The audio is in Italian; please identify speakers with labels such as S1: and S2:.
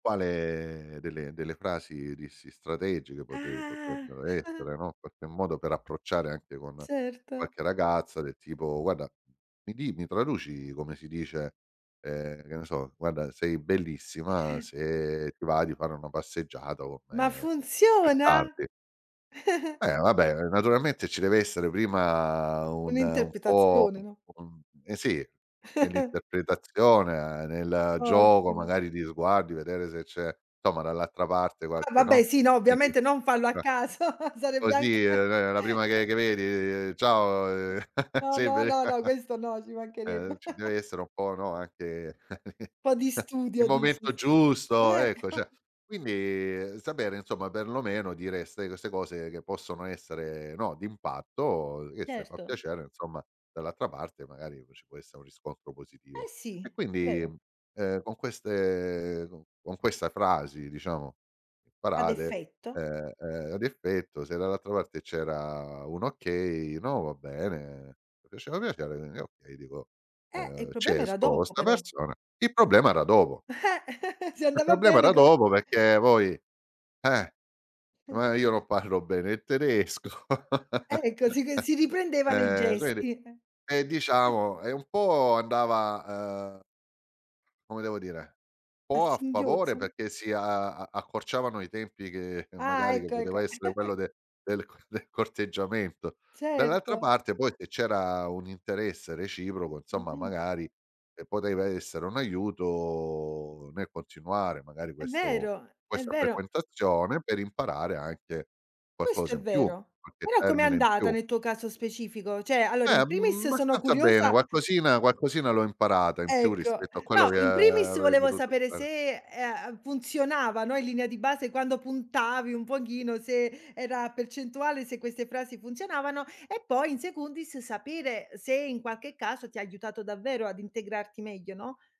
S1: Quale delle delle frasi, dissi, strategiche potre
S2: Ah.
S1: potrebbero essere, no, in qualche modo per approcciare anche con
S2: Certo.
S1: qualche ragazza del tipo: "Guarda mi di mi traduci come si dice" ehm, che ne so "guarda sei bellissima, se ti va di fare una passeggiata con
S2: Ma
S1: me più
S2: funziona?
S1: tardi." Eh vabbè naturalmente ci deve essere prima un un po'
S2: Un'interpretazione, no?
S1: un un sì nell'interpretazione, nel gioco
S2: Ottimo.
S1: magari di sguardi vedere se c'è insomma dall'altra parte
S2: Ah
S1: qualche
S2: vabbè
S1: no,
S2: sì, no,
S1: quindi
S2: ovviamente non farlo a
S1: ehm,
S2: caso, sarebbe anche,
S1: così, ehm, la la prima
S2: o
S1: che che vedi: "Ciao"
S2: No,
S1: "Sei
S2: no,
S1: beli"
S2: no, no, questo no, ci
S1: ehm,
S2: mancherebbe.
S1: ci deve essere un po' no anche
S2: Un po' di
S1: il
S2: studio dici
S1: momento
S2: s
S1: giusto, ecco,
S2: Ecco.
S1: cer quindi sapere insomma perlomeno dire ste c ste cose che possono essere, no, d'impatto che se fa
S2: Certo.
S1: piacere, insomma, dall'altra parte magari ci può essere un riscontro
S2: Eh
S1: positivo.
S2: sì,
S1: E quindi,
S2: vero.
S1: ehm, con queste con con questa frasi diciamo
S2: Ad
S1: parate,
S2: effetto.
S1: ehm, ehm, ad effetto se dall'altra parte c'era un okay: "No, va bene, mi piaceva piacere" e io dico,
S2: Eh il
S1: ehm, "Ci
S2: problema era
S1: esco co'
S2: dopo
S1: 'sta
S2: però.
S1: persona." Il problema era dopo.
S2: Eh Si
S1: Il
S2: andava
S1: problema
S2: bene
S1: era
S2: co
S1: dopo perché poi eh, ma io non parlo bene il tedesco.
S2: Ecco sì c si riprendevano i
S1: Ehm quindi
S2: gesti, eh.
S1: ehm diciamo, ehm, un po' andava uhm, come devo dire, un
S2: A
S1: po' a favore
S2: singhiozzo, no?
S1: perché si a a accorciavano i tempi che
S2: Ah
S1: magari che
S2: ecco ecco.
S1: poteva essere quello del co del corteggiamento. Dall'altra
S2: Certo.
S1: parte poi se c'era un interesse reciproco insomma magari ehm, poteva essere un aiuto nel continuare magari
S2: È
S1: questo
S2: vero, è
S1: questa
S2: vero.
S1: frequentazione per imparare anche
S2: Questo
S1: qualcosa
S2: è
S1: in più,
S2: vero.
S1: qualche
S2: Ora com'è
S1: termine in
S2: andata
S1: più.
S2: nel tuo caso specifico? Cioè allora in
S1: Eh,
S2: primis in
S1: mhmm,
S2: primis sono
S1: abbastanza bene.
S2: curiosa
S1: Qualcosina qualcosina l'ho imparata in più
S2: Ecco.
S1: rispetto a quello
S2: No
S1: che
S2: in primis
S1: avrei
S2: volevo
S1: potuto
S2: sapere
S1: fare.
S2: se, ehm, funzionava, no in linea di base quando puntavi un pochino, se era percentuale se queste frasi funzionavano e poi "in secundis" sapere se in qualche caso ti ha aiutato davvero ad integrarti meglio, no?